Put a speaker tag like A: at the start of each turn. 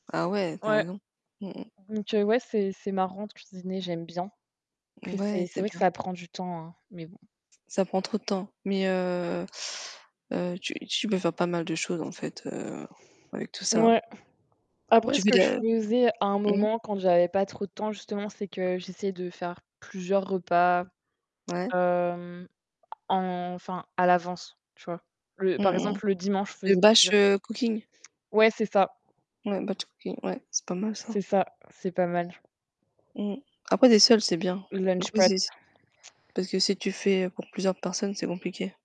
A: Ah ouais, tu as
B: Ouais.
A: raison. Mmh mh.
B: Donc heu, ouais, c'est c'est marrant de cuisiner, j'aime bien. Après,
A: Mouais,
B: c'est c'est
A: c'est
B: vrai que
A: bien.
B: ça prend du temps, hein mais bon.
A: Ça prend trop de temps, mais heu heu, tu tu peux faire pas mal de choses en fait, heu, avec tout ça.
B: Ouais. Après,
A: Tu
B: ce
A: fais de
B: que je
A: la
B: faisais à un
A: mmh.
B: moment, quand j'avais pas trop de temps, justement, c'est que j'essayais de faire plusieurs repas,
A: Ouais.
B: hem, enfin, à l'avance, tu vois? Le
A: Mmh
B: par
A: mh.
B: exemple, le dimanche, je
A: Le
B: faisais
A: bâche,
B: plusieurs
A: heu, cooking.
B: Ouais, c'est ça.
A: Ouais, batch cooking, ouais, c'est pas mal
B: C'est
A: ça.
B: ça, c'est pas mal.
A: Mmh. Après, tu es seule, c'est bien.
B: Lunch
A: Après,
B: prep.
A: c'est-c'est parce que si tu fais pour plusieurs personnes, c'est compliqué.